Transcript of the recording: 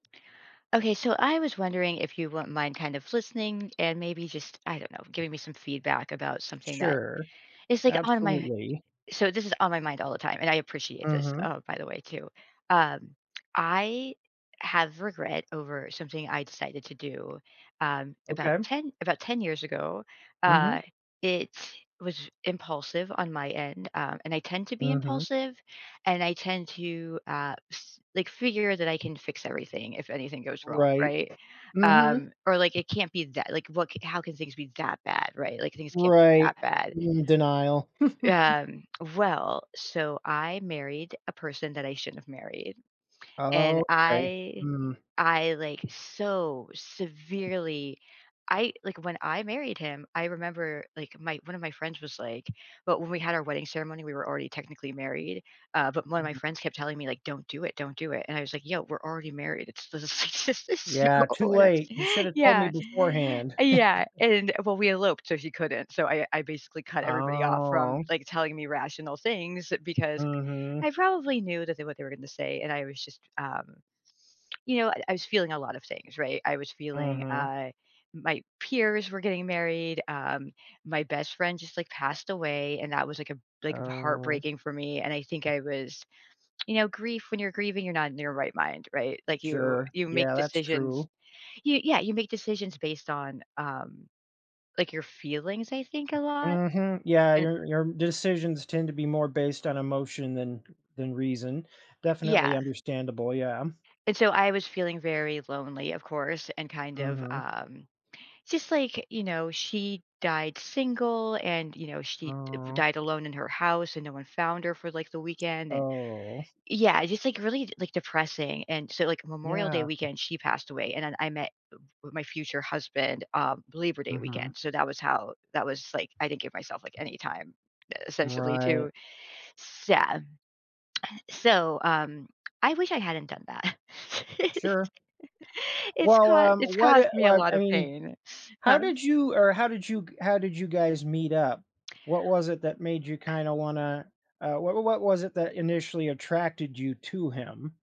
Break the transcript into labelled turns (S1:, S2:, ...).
S1: Okay, so I was wondering if you won't mind kind of listening and maybe just, I don't know, giving me some feedback about something that,
S2: Sure.
S1: is like, on my
S2: Absolutely.
S1: so this is on my mind all the time, and I appreciate this,
S2: Mhm.
S1: oh, by the way, too. Um, I have regret over something I decided to do, um, about
S2: Okay.
S1: 10 about 10 years ago. Uh,
S2: Mhm.
S1: it was impulsive, on my end, um, and I tend to be
S2: Mhm.
S1: impulsive. And I tend to, uh, s like, figure that I can fix everything, if anything goes wrong,
S2: Right.
S1: right?
S2: Mhm.
S1: Um, or like, it can't be that like, what how can things be that bad? Right? Like, things can't be
S2: Right.
S1: that bad.
S2: In denial.
S1: Um, well, so I married a person that I shouldn't have married. And
S2: Okay.
S1: I
S2: Mm.
S1: I, like, so severely I like, when I married him, I remember, like, my one of my friends was like but when we had our wedding ceremony, we were already technically married. Uh, but one of my
S2: Mm.
S1: friends kept telling me like, "Don't do it. Don't do it." And I was like, "Yo, we're already married." It's this is just this is so
S2: Yeah, too
S1: whatev
S2: late, you should have told me
S1: Yeah.
S2: beforehand.
S1: Uh, yeah. And well, we eloped so he couldn't. So I I basically cut everybody off from,
S2: Oh.
S1: like, telling me rational things because
S2: Mhm.
S1: I probably knew that they what they were gonna say, and I was just, um, you know, I was feeling a lot of things, right? I was feeling,
S2: Mhm.
S1: I my peers were getting married, um, my best friend just, like, passed away, and that was, like, a b
S2: Oh.
S1: heartbreaking for me. And I think I was, you know, grief when you're grieving, you're not in your right mind, right? Like, you
S2: Sure.
S1: you make
S2: Yeah, that's
S1: decisions.
S2: true.
S1: You yeah. You make decisions based on, um, like, your feelings, I think, a lot?
S2: Mhm, yeah.
S1: And
S2: Your your decisions tend to be more based on emotion than than reason. Definitely
S1: Yeah.
S2: understandable, yeah.
S1: And so I was feeling very lonely, of course, and kind of,
S2: Mhm.
S1: um, just like, you know, she died single and, you know, she, uh, b
S2: Mm.
S1: died alone in her house and no one found her for, like, the weekend, and
S2: Oh.
S1: Yeah, it's just, like, really, like, depressing. And so, like, in Memorial Day
S2: Yeah.
S1: weekend, she passed away. And then I met m m my future husband, uh, Believer Day
S2: Mhm.
S1: weekend. So that was how that was, like, I didn't give myself, like, any time, essentially, to
S2: Right.
S1: s yeah So, um, I wish I hadn't done that.
S2: Sure.
S1: It's
S2: Well,
S1: cau
S2: um,
S1: it's
S2: what
S1: caused
S2: eh,
S1: me a
S2: what
S1: lot
S2: I
S1: of
S2: mean,
S1: pain.
S2: how
S1: Huh?
S2: did you or, how did you how did you guys meet up? What was it that made you
S1: Eh
S2: kinda wanna, uh, wh wha what was it that initially attracted you to him?